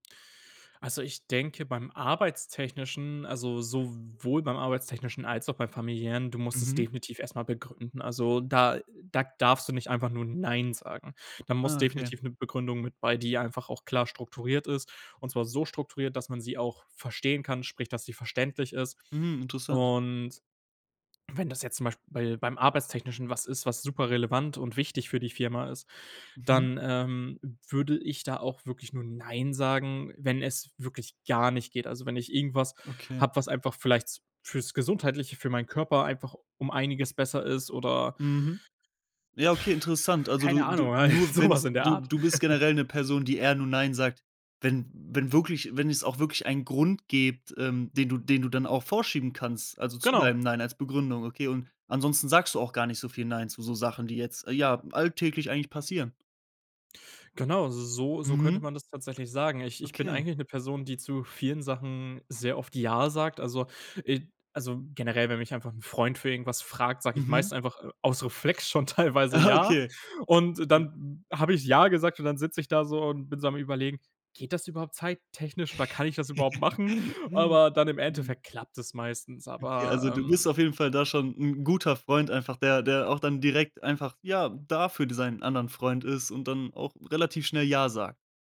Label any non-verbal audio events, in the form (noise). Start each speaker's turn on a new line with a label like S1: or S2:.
S1: Also ich denke, beim arbeitstechnischen, also sowohl beim arbeitstechnischen als auch beim Familiären: „Du musst es
S2: Mhm.
S1: definitiv erst mal begründen“. Also da da darfst du nicht einfach nur „nein“ sagen. Da muss
S2: Ah, okay.
S1: definitiv 'ne Begründung mit bei, die ja einfach auch klar strukturiert ist. Und zwar so strukturiert, dass man sie auch verstehen kann, sprich, dass sie verständlich ist.
S2: Mhm, interessant.
S1: Und wenn das jetzt zum Beisp bei beim Arbeitstechnischen was ist, was super relevant und wichtig für die Firma ist,
S2: Mhm.
S1: dann, ähm, würde ich da auch wirklich nur „nein“ sagen, wenn es wirklich gar nicht geht. Also wenn ich irgendwas
S2: Okay.
S1: habe, was einfach vielleicht s fürs Gesundheitliche, für meinen Körper einfach um einiges besser ist oder
S2: Mhm. Ja, okay, interessant.
S1: (blows air)
S2: Also,
S1: keine
S2: du du
S1: Ahnung, äh,
S2: nur
S1: so
S2: wenn
S1: was
S2: es
S1: in der
S2: du
S1: Art.
S2: du bist
S1: (chuckles)
S2: generell 'ne Person, die eher nur „nein“ sagt, wenn wenn wirklich wenn es auch wirklich einen Grund gebt, ähm, den du den du dann auch vorschieben kannst, also zu
S1: Genau.
S2: deinem „nein“ als Begründung, okay, und ansonsten sagst du auch gar nicht so viel „nein“ zu so Sachen, die jetzt, ja, alltäglich eigentlich passieren.
S1: Genau, so so so könnte
S2: Mhm.
S1: man das tatsächlich sagen. Ich ich bin
S2: Okay.
S1: eigentlich 'ne Person, die zu vielen Sachen sehr oft „ja“ sagt. Also, äh also generell, wenn mich einfach 'n Freund für irgendwas fragt, sage ich
S2: Mhm.
S1: meist einfach, äh, aus Reflex schon teilweise
S2: Aha
S1: „ja“.
S2: okay.
S1: Und
S2: Ja.
S1: dann habe ich „ja“ gesagt und dann sitze ich da so und bin so am Überlegen: „Geht das überhaupt zeittechnisch oder kann ich das überhaupt machen?“ Aber dann im
S2: (laughs)
S1: Endeffekt klappt es meistens.
S2: Okay, also
S1: Aber,
S2: du
S1: ähm
S2: bist auf jeden Fall da schon 'n guter Freund einfach, der der auch dann direkt einfach, ja, da für d sein anderen Freund ist und dann auch relativ schnell „ja“ sagt.